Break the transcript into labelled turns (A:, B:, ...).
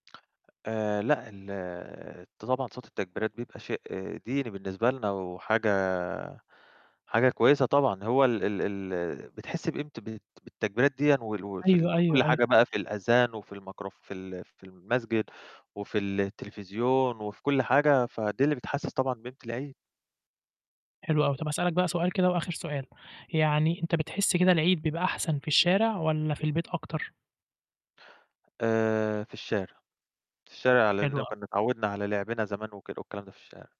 A: آآ لأ، ال ط طبعًا صوت التكبيرات بيبقى شيء ديني بالنسبة لنا وحاجة حاجة كويسة طبعًا هو ال ال ال بتحس بقيمت بالت بالتكبيرات دِيّن وال وفي ال
B: أيوه،
A: في كل
B: أيوه، أيوه.
A: حاجة بقى في الأذان وفي المكروف في ال في المسجد وفي التلفزيون وفي كل حاجة، فدي اللي بتحسس طبعًا بقيمت العيد.
B: حلو أوي. طَب هاسألك بقى سؤال كده وآخِر سؤال، يعني أنت بتحس كده العيد بيبقى أحسن في الشارع والّا في البيت أكتر؟
A: آآ في الشارع، في الشارع لإن
B: حلوة
A: لو
B: أو
A: كنّا اتعوّدنا على لعبنا زمان وكد والكلام ده في الشارع.